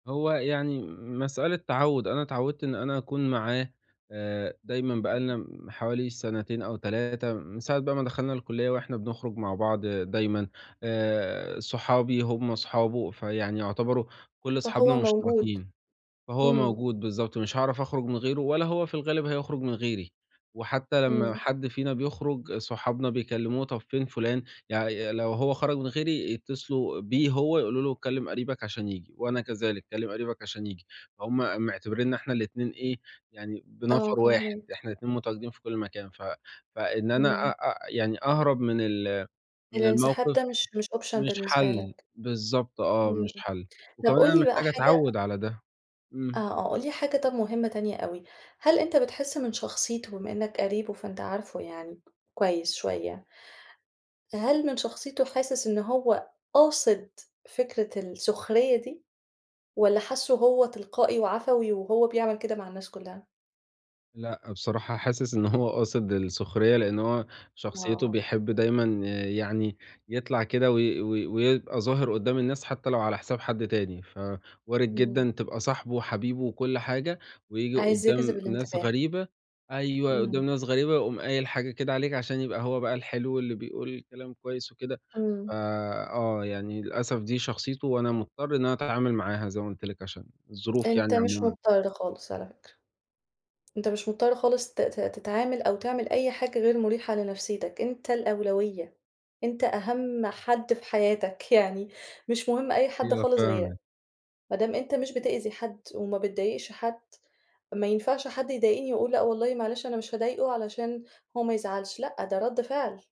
هو يعني م مسألة تعود، أنا اتعودت إن أنا أكون معاه، آآ دايمًا بقى امم. لنا م حوالي سنتين أو 3 من ساعة بقى ما دخلنا الكُلِّيَّة وإحنا بنخرُج مع بعض دايمًا، آآ صحابي هُم صحابه، فيعني يعتبروا كُلّ صحابنا فهو موجود مُشتركين، فهو إمم. موجود بالضبط، مش هاعرف أخرُج من غيرُه، ولا هو في الغالب هيخرُج من غيري، وحتى لمّا امم. حد فينا بيخرُج صحابنا بيكّلموه، طب فين فُلان، يعني لو هو خرج من غيري يتّصلوا بيه هو يقولوا له كلِّم قريبك عشان ييجي، وأنا كذلك كلِّم قريبك عشان ييجي، هُم معتبريننا إحنا الاتنين إيه يعني آه، بنفر واحد، فاهماك. إحنا الاتنين متواجدين في كُلّ مكان، ف فإن أنا أ إمم. أ يعني أهرب من ال من الانسحاب الموقف ده مش مش Option مش بالنسبة حَلّ، لك. بالضبط آه، امم، مش حَلّ، طب وكمان أنا قُل لي بقى محتاج حاجة أتعوَّد على ده، آه، إمم. آه قُل لي طب حاجة مُهمّة تانية أوي، هل أنت بتحِسّ من شخصيته بما إنك قريبه فأنت عارفه يعني كويس شوية، هل من شخصيته حاسِس إن هو قاصد فكرة السُخرية دي؟ والّا حاسُّه هو تلقائي وعفوي، وهو بيعمل كده مع الناس كُلّها؟ لأ، بصراحة حاسِس إن هو قاصد السُخرية، لإن هو شخصيته آه. بيحب دايمًا يعني يطلع كده وي وي ويبقى ظاهر قُدام الناس، حتى لو على حساب حد تاني، ف وارد امم. جدًا تبقى صاحبُه وحبيبُه وكُلّ حاجة، وييجي عايز يجذب قُدام ناس الانتباه. غريبة أيوه، إمم. قُدام ناس غريبة ويقوم قايل حاجة كده عليك، عشان يبقى هو بقى الحلو اللي بيقول كلام كويس وكده، امم. فآه يعني للأسف دي شخصيته، وأنا مُضطر إن أتعامل معاها زي ما قُلت لِك عشان الظروف أنت يعني مش عمومًا. مُضطر خالص على فكرة، أنت مش مُضطر خالص ت ت تتعامل أو تعمل أي حاجة غير مُريحة لنفسيتك، أنت الأولوية، أنت أهم حد في حياتك، يعني مش مُهم أي حد أيوه خالص غيرك، فاهمِك. ما دام أنت مش بتأذي حد، وما بتضايقش حد، ما ينفعش حد يضايقني وأقول لأ، والله معلش أنا مش هاضايقه علشان هو ما يزعلش، لأ، ده ردّ فعل.